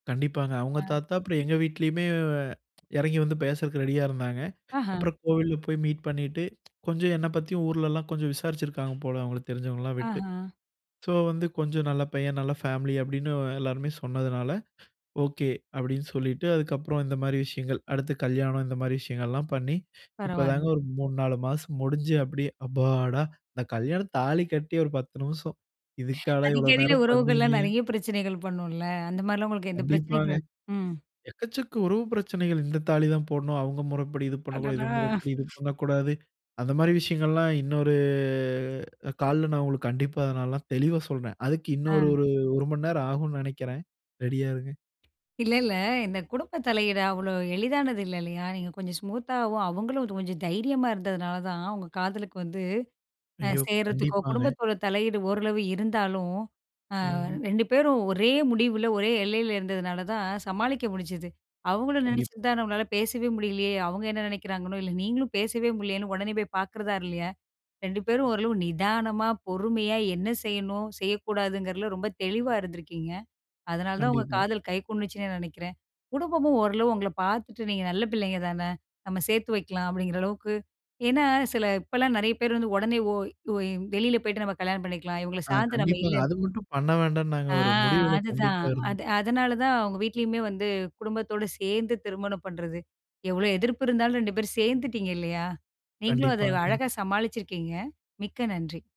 கண்டிப்பாங்க. அவங்க அ, தாத்தா அப்ற எங்க வீட்டிலயுமே எறங்கி வந்து பேசறக்கு ரெடியா இருந்தாங்க. ஆஹ. அப்புறம் கோவில்ல போய் மீட் பண்ணிட்டு கொஞ்சொம் என்ன பத்தியு ஊர்லலாம் கொஞ்சம் விசாரிச்சிருக்காங்க போல அவங்களுக்கு தெரிஞ்சவங்கள்ளா விட்டு, ஆஹா. ஸோ வந்து கொஞ்சொ நல்ல பையன் நல்ல ஃபேம்லி அப்படின்னு எல்லாருமே சொன்னதுனால ஓகே. அப்படின்னு சொல்லிட்டு அதுக்கப்றோம் இந்த மாரி விஷயங்கள் அடுத்து கல்யாணம் இந்த மாறி விஷயங்கள்லாம் பண்ணி, இப்பதாங்க பரவாயில்ல. ஒரு 3, 4 மாசம் முடிஞ்சு அப்படியே அப்பாடா! இந்த கல்யாணம் தாலி கட்டி ஒரு 10 நிமிஷம் இதுக்காடா இவ்ளோ அடிக்கடில நேரம் பண்ணீங்க. உறவுகள்லாம் நெறைய பிரச்சனைகள் பண்ணுல, அந்த மாரிலாம் உங்களுக்கு எந்த கண்டிப்பாங்க. பிரச்சனைகளு ம். எக்கச்சக்க உறவு பிரச்சனைகள் இந்த தாலி தான் போட்ணும். அவங்க முறப்படி இது பண்ணக்கூடாது. இது அடடா! முறப்படி இது பண்ணக்கூடாது. அந்த மாரி விஷயங்கள்லாம் இன்னொரு கால்ல நான் உங்களுக்கு கண்டிப்பா, அத நான் தெளிவா சொல்றேன். அதுக்கு இன்னொரு அ. ஒரு 1 மணி நேரம் ஆகுன்னு நெனைக்கிறேன். ரெடியா இருங்க. இல்ல இல்ல. இந்த குடும்ப தலையீடு அவ்ளோ எளிதானது இல்ல இல்லையா? நீங்க கொஞ்சொம் ஸ்மூத்தாவும் அவங்களும் கொஞ்சொம் தைரியமா இருந்ததுனால தான் உங்க காதலுக்கு வந்து, அ ஐயோ! சேர்றதுக்கோ கண்டிப்பாங்க. குடும்பத்தோட தலையீடு ஓரளவு இருந்தாலும், அ ம். 2 பேரும் ஒரே முடிவுல ஒரே எல்லைல இருந்ததுனால தான் சமாளிக்க முடுஞ்சுது. அவங்களு கண்டிப் நெனச்சிருந்தா நம்மளால பேசவே முடியலியே அவங்க என்ன நினைக்கிறாங்கனோ, இல்ல நீங்களும் பேசவே முடியலியேன்னு உடனே போய் பாக்கிறதா இல்லையா? 2 பேரு ஓரளவு நிதானமா, பொறுமையா என்ன செய்யணும் செய்யக்கூடாதுங்கிறதுல ரொம்ப தெளிவா இருந்துருக்கீங்க. அதனால தான் உங்க கண்டிப்பா. காதல் கை கூடுச்சுன்னு நெனைக்கறேன். குடும்பமும் ஓரளவு உங்கள பார்த்துட்டு நீங்க நல்ல பிள்ளைங்க தானே, நம்ம சேர்த்து வைக்கலாம் அப்படிங்கிறளவுக்கு ஏன்னா சில இப்போலாம் நெறைய பேர் வந்து உடனே ஓய் வெளில போய்ட்டு நம்ம கல்யாணம் பண்ணிக்கலாம் இவங்கள அ சார்ந்து நம்ம கண்டிப்பாங்க. இல்ல அது மட்டும் பண்ண வேண்டானு, நாங்க ஆ ஒரு முடிவுல அதுதான். கண்டிப்பா இருந்தோம். அது அதனால தான் உங்க வீட்லயுமே வந்து குடும்பத்தோட சேர்ந்து திருமணம் பண்றது. எவ்ளோ எதிர்ப்பு இருந்தாலும் 2 பேரு சேந்துட்டீங்க இல்லையா? நீங்களும் அத கண்டிப்பாங்க. அழகா சமாளிச்சிருக்கீங்க. மிக்க நன்றி!